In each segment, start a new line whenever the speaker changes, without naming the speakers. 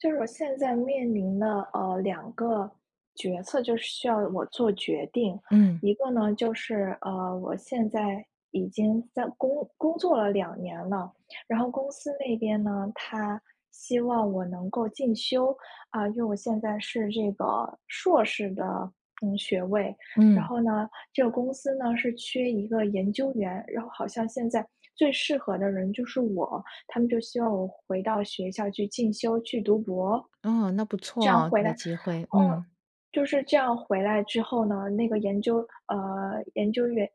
就是我现在面临的，呃，两个决策就是需要我做决定，
嗯。
一个呢就是，呃，我现在已经在工工作了2年了，然后公司那边呢，它希望我能够进修，啊，因为我现在是这个硕士的，嗯，学位。然
嗯。
后呢，这个公司呢，是缺一个研究员，然后好像现在最适合的人就是我，他们就希望我回到学校去进修、去读博。
哦，那不
这
错
样
啊，
回来
有机会，
哦，
嗯。
就是这样回来之后呢，那个研究呃研究员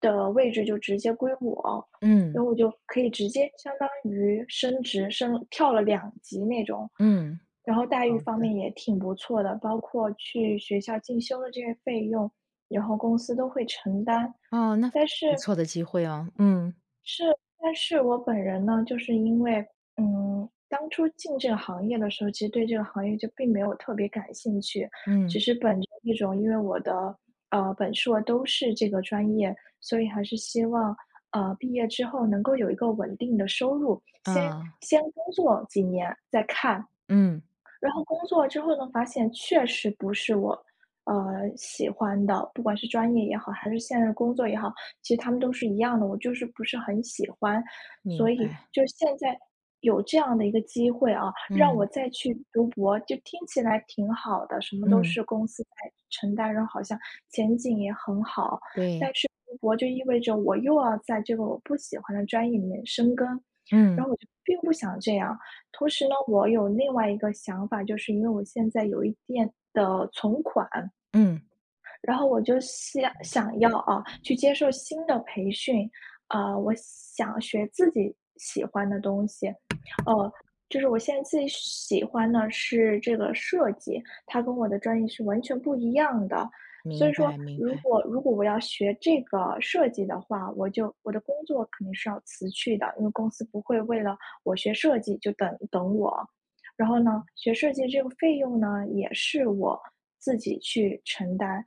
的位置就直接归我，
嗯。
然后我就可以直接相当于升职升跳了2级那种。
嗯，
然后待遇
好
方
的。
面也挺不错的，包括去学校进修的这些费用，然后公司都会承担。
哦，那非
但
常
是
不错的机会哦，嗯。
是，但是我本人呢，就是因为，嗯当初进这个行业的时候，其实对这个行业就并没有特别感兴趣，
嗯。
只是本着一种因为我的，呃，本硕都是这个专业，所以还是希望，呃，毕业之后能够有一个稳定的收入，先
嗯。
先工作几年再看。
嗯。
然后工作之后呢发现，确实不是我，呃，喜欢的，不管是专业也好，还是现任工作也好。其实他们都是一样的，我就是不是很喜欢。
明
所以
白。
就现在有这样的一个机会啊，让我
嗯。
再去读博就听起来挺好的，什么都
嗯。
是公司在承担，然后好像前景也很好。但
对。
是读博就意味着我又要在这个我不喜欢的专业里面深耕，
嗯。
然后我就并不想这样。同时呢，我有另外一个想法，就是因为我现在有一定的存款。
嗯。
然后我就想想要啊，去接受新的培训。呃，我想学自己喜欢的东西，哦，就是我现在最喜欢的是这个设计。它跟我的专业是完全不一样的，所
明
以说
白明
如
白。
果如果我要学这个设计的话，我就我的工作肯定是要辞去的。因为公司不会为了我学设计就等等我，然后呢，学设计这个费用呢，也是我自己去承担。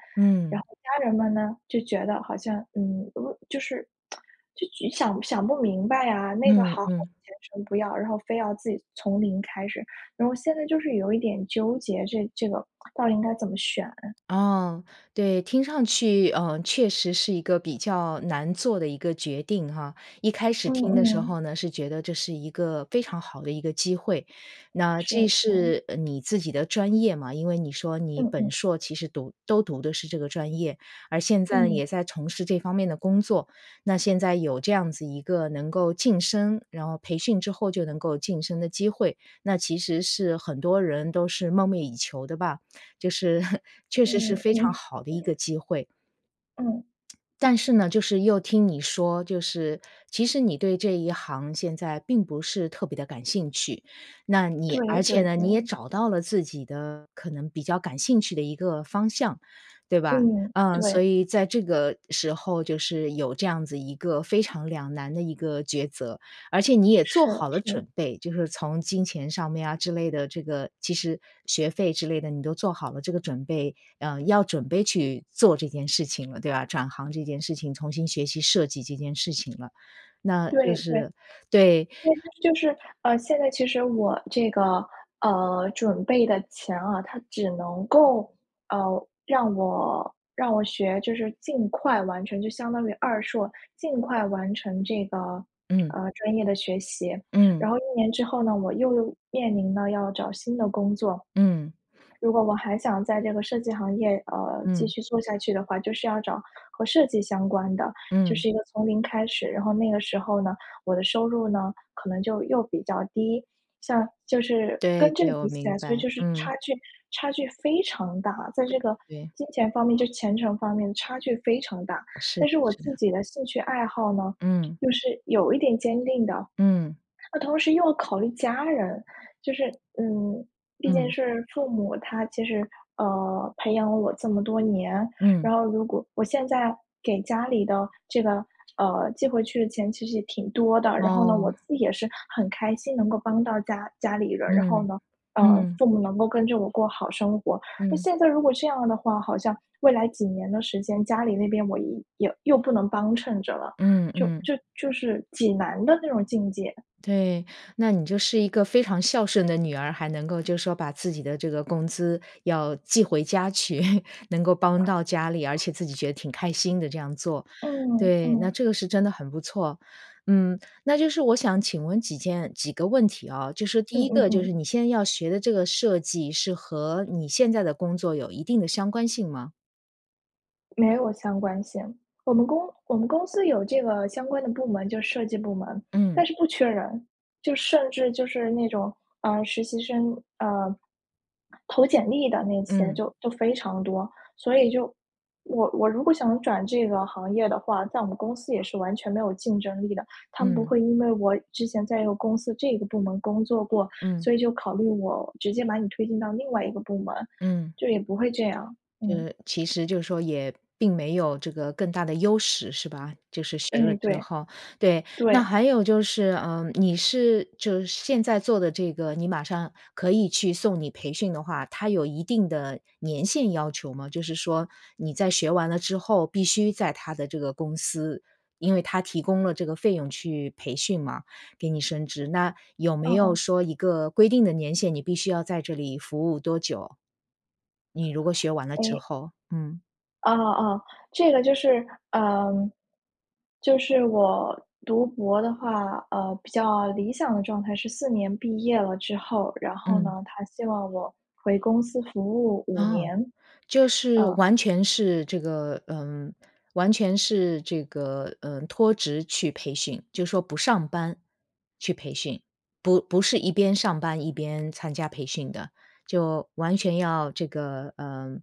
然
嗯。
后家人们呢，就觉得好像，嗯，就是 就想想不明白啊，那个
嗯
好好的
嗯。
前程不要，然后非要自己从零开始，然后现在就是有一点纠结，这这个到底应该怎么选？
哦，对。听上去，呃，确实是一个比较难做的一个决定啊。一开始
嗯
听的时
嗯。
候呢是觉得这是一个非常好的一个机会，那
是
这
是。
是，呃，你自己的专业嘛，因为你说你
嗯
本
嗯。
硕其实读都读的是这个专业。而现在呢，
嗯。
也在从事这方面的工作，那现在有这样子一个能够晋升然后培训之后就能够晋升的机会，那其实是很多人都是梦寐以求的吧，就是 确实是
嗯
非常
嗯。
好的一个机会。
嗯。
但是呢，就是又听你说，就是其实你对这一行现在并不是特别地感兴趣。那你
对
而且
对
呢，你也
对。
找到了自己的可能比较感兴趣的一个方向，对吧？
嗯，
呃，所
对。
以在这个时候就是有这样子一个非常两难的一个抉择，而且你也
是
做好了
是。
准备，就是从金钱上面啊之类的，这个其实学费之类的，你都做好了这个准备，呃，要准备去做这件事情了，对吧？转行这件事情，重新学习设计这件事情了，那就
对对，
是对。
就是就是，呃，现在其实我这个，呃，准备的钱啊，它只能够，呃，让我让我学就是尽快完成。就相当于二硕，尽快完成这个，
嗯。
呃，专业的学习，
嗯。
然后1年之后呢，我又面临了要找新的工作。
嗯。
如果我还想在这个设计行业，呃，继
嗯。
续做下去的话，就是要找和设计相关的，就
嗯。
是一个从零开始，然后那个时候呢，我的收入呢，可能就又比较低。像就是
对
跟这
对，
个
我
比起来，
明白，
所以就是
嗯。
差距差距非常大。在
感
这个
觉
金钱方面就前程方面差距非常大，
是的
但是我
是的。
自己的兴趣爱好呢，
嗯。
又是有一点坚定的，
嗯。
那同时又要考虑家人。就是，嗯，毕竟
嗯。
是父母，他其实，呃，培养了我这么多年，
嗯。
然后如果我现在给家里的这个，呃，寄回去的钱其实也挺多的。然后呢，我自
哦。
己也是很开心能够帮到家家里人。然后
嗯，
呢，呃，
嗯。
父母能够跟着我过好生活。那
嗯。
现在如果这样的话，好像未来几年的时间，家里那边我也也又不能帮衬着了，
嗯
就
嗯。
就就是挺难的那种境界。
对，那你就是一个非常孝顺的女儿，还能够就说把自己的这个工资要寄回家去，能够帮到家里。而且自己觉得挺开心的这样做，
嗯
对。那
嗯。
这个是真的很不错，嗯，那就是我想请问几件几个问题啊，就是第
嗯
一
嗯
个就是
嗯。
你现在要学的这个设计是和你现在的工作有一定的相关性吗？
没有相关性，我们公我们公司有这个相关的部门就设计部门，
嗯。
但是不缺人。就甚至就是那种，啊，实习生，啊，投简历的那些
嗯。
就就非常多。所以就我我如果想转这个行业的话，在我们公司也是完全没有竞争力的。他们不
嗯。
会因为我之前在一个公司这个部门工作过，
嗯。
所以就考虑我，直接把你推进到另外一个部门，
嗯。
就也不会这样。嗯。
呃，其实就是说也，并没有这个更大的优势，是吧？就是学了
哎，
之
对。
后，对。那
对。
还有就是，呃，你是就是现在做的这个，你马上可以去送你培训的话，它有一定的年限要求吗？就是说，你在学完了之后，必须在它的这个公司，因为它提供了这个费用去培训嘛，给你甚至。那有没
嗯
有
嗯。
说一个规定的年限，你必须要在这里服务多久？你如果学完了之
诶。
后，嗯。
哦哦哦，这个就是，嗯，就是我读博的话，呃，比较理想的状态是4年毕业了之后，然后
嗯。
呢，它希望我回公司服务5
哦，
年。
就是
嗯。
完全是这个嗯，完全是这个，嗯，脱职去培训，就说不上班，去培训。不不是一边上班一边参加培训的，就完全要这个，嗯，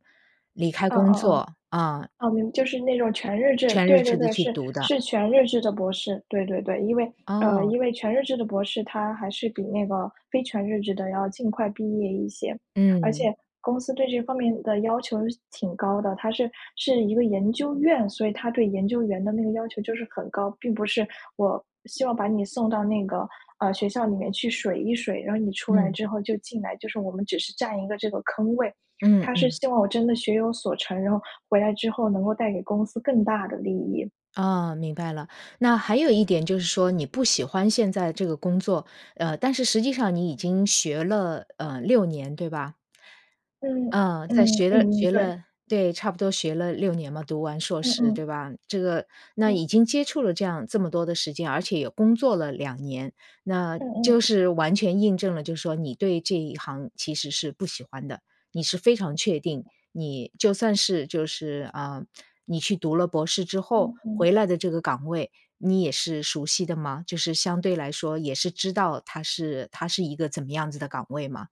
离开
嗯
工
嗯嗯，
作，啊。
嗯，明就是那种全日制，
全日
对对
制地
对，
去
是
读的。
是全日制的博士。对对对，因为呃，
哦。
因为全日制的博士它还是比那个非全日制的要尽快毕业一些。而且
嗯。
公司对这方面的要求是挺高的。它是是一个研究院，所以它对研究员的那个要求就是很高，并不是我希望把你送到那个，呃，学校里面去水一水，然后你出来
嗯。
之后就进来，就是我们只是占一个这个坑位。
嗯
它是
嗯。
希望我真的学有所成，然后回来之后能够带给公司更大的利益。
哦，明白了。那还有一点就是说，你不喜欢现在这个工作，呃，但是实际上你已经学了，呃，6年，对吧？
嗯，
呃，在
嗯，
学了
嗯，
学
对。
了对，差不多学了6年嘛，读完硕
嗯
士，
嗯。
对吧？这个那
嗯。
已经接触了这样这么多的时间，而且也工作了2年，那
嗯
就
嗯。
是完全印证了就说你对这一行其实是不喜欢的。你是非常确定，你就算是就是，呃，你去读了博士之后，
嗯嗯。
回来的这个岗位，你也是熟悉的吗？就是相对来说也是知道它是它是一个怎么样子的岗位吗？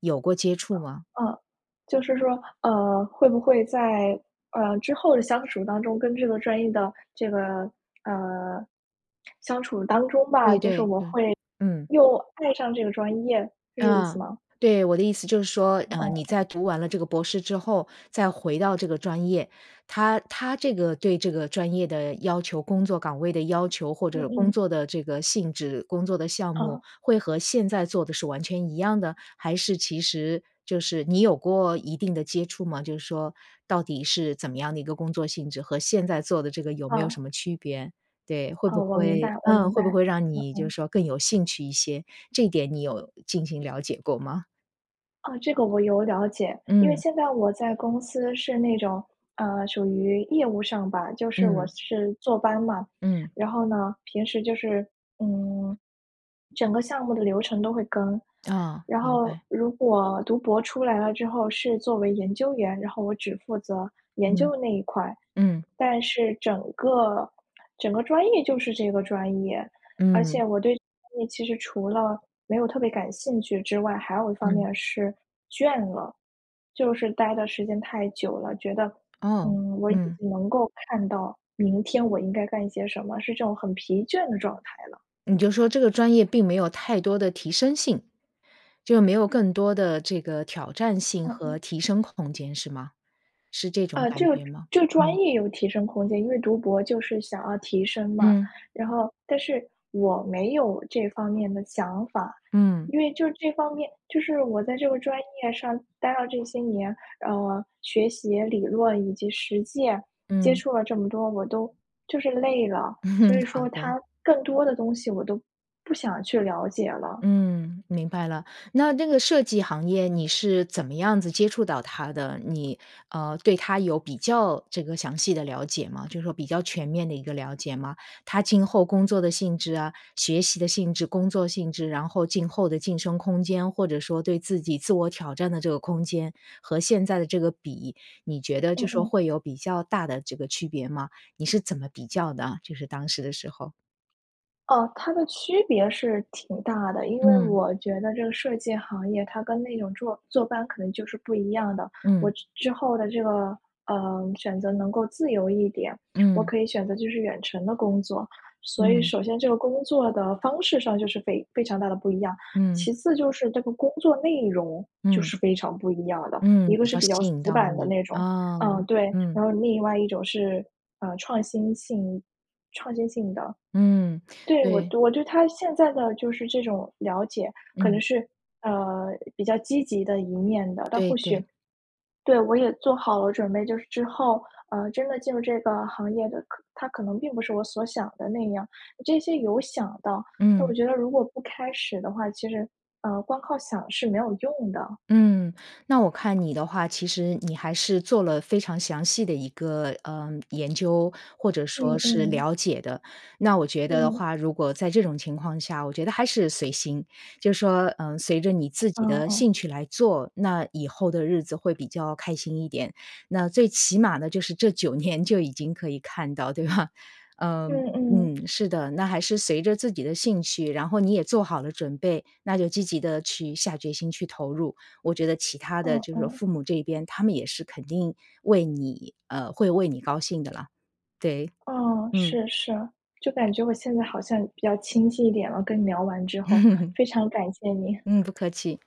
有过接触吗？
呃，就是说，呃，会不会在，呃，之后的相处当中跟这个专业的这个，呃，相处当中吧，
对
就是
对，
我
嗯，
会，
嗯。
又爱上这个专业，是这意
嗯，
思吗？
对，我的意思就是说，呃，你
嗯。
在读完了这个博士之后，再回到这个专业，它它这个对这个专业的要求，工作岗位的要求，或
嗯
者工
嗯。
作的这个性质，工作的项目，
嗯。
会和现在做的是完全一样的？还是其实就是你有过一定地接触吗？就是说，到底是怎么样的一个工作性质，和现在做的这个有没有
嗯。
什么区别？对，会不
哦，我明白
会
我
嗯，
明
会不
白，
会让你
嗯
就
嗯。
是说更有兴趣一些，这点你有进行了解过吗？
啊，这个我有了解。因为
嗯。
现在我在公司是那种，呃，属于业务上吧，就是我
嗯。
是坐班嘛。
嗯。
然后呢，平时就是，嗯，整个项目的流程都会跟。
哦，
然
明
后
白。
如果读博出来了之后是作为研究员，然后我只负责研究
嗯，
的那一块。
嗯。
但是整个整个专业就是这个专业，而
嗯。
且我对专业其实除了没有特别感兴趣之外，还有一方面
嗯。
儿是，倦了，就是呆的时间太久了，觉得，
哦，
嗯，我已
嗯。
经能够看到明天我应该干些什么，是这种很疲倦的状态了。
你就说这个专业并没有太多的提升性，就没有更多的这个挑战性
好的。
和提升空间是吗？是这种
呃，
感
这个
觉吗？
这个专
嗯。
业有提升空间，因为读博就是想要提升嘛。
嗯。
然后，但是我没有这方面的想法，
嗯。
因为就这方面就是我在这个专业上待了这些年，呃，学习理论以及实践接
嗯。
触了这么多，我都就是累了。所以
好
说
的。
它更多的东西我都不想去了解了。
嗯，明白了。那那个设计行业你是怎么样子接触到它的？你，呃，对它有比较这个详细的了解吗，就说比较全面的一个了解吗？它今后工作的性质啊、学习的性质、工作性质，然后今后的晋升空间，或者说对自己自我挑战的这个空间，和现在的这个比，你觉得就
嗯
说
嗯。
会有比较大的这个区别吗？你是怎么比较的，就是当时的时候？
哦，它的区别是挺大的。因为
嗯。
我觉得这个设计行业它跟那种坐坐班可能就是不一样的。我
嗯。
之之后的这个，呃，选择能够自由一点，我
嗯。
可以选择就是远程的工作。所以
嗯。
首先这个工作的方式上就是非非常大的不一样。
嗯。
其次就是这个工作内容，就
嗯。
是非常不一样的。一
嗯，
个
比
是
较
比较
吸引
死
到
板的
你，
那种，
啊，
呃，对，
嗯。
然后另外一种是，呃，创新性创新性的。
嗯，
对，我
对。
我对它现在的就是这种了解可能
嗯。
是，呃，比较积极的一面的。但
对
或许
对。
对我也做好了准备，就是之后，呃，真的进入这个行业的，它可能并不是我所想的那样，这些有想到，但我
嗯。
觉得如果不开始的话，其实，呃，光靠想是没有用的。
嗯。那我看你的话，其实你还是做了非常详细的一个，呃，研究，或者
嗯
说是
嗯。
了解的。那我觉得的
嗯。
话，如果在这种情况下，我觉得还是随心。就说，呃，随着你自
哦
己的
哦。
兴趣来做，那以后的日子会比较开心一点。那最起码呢就是这9年就已经可以看到，对吧？呃，
嗯嗯。
嗯，是的，那还是随着自己的兴趣，然后你也做好了准备，那就积极地去下决心去投入。我觉得其他的
哦
就是
哦。
父母这一边，他们也是肯定为你呃，会为你高兴的啦，对。
哦，
嗯。
是是，就感觉我现在好像比较清晰一点了，跟你聊完之后，非常感谢你。
嗯，不客气。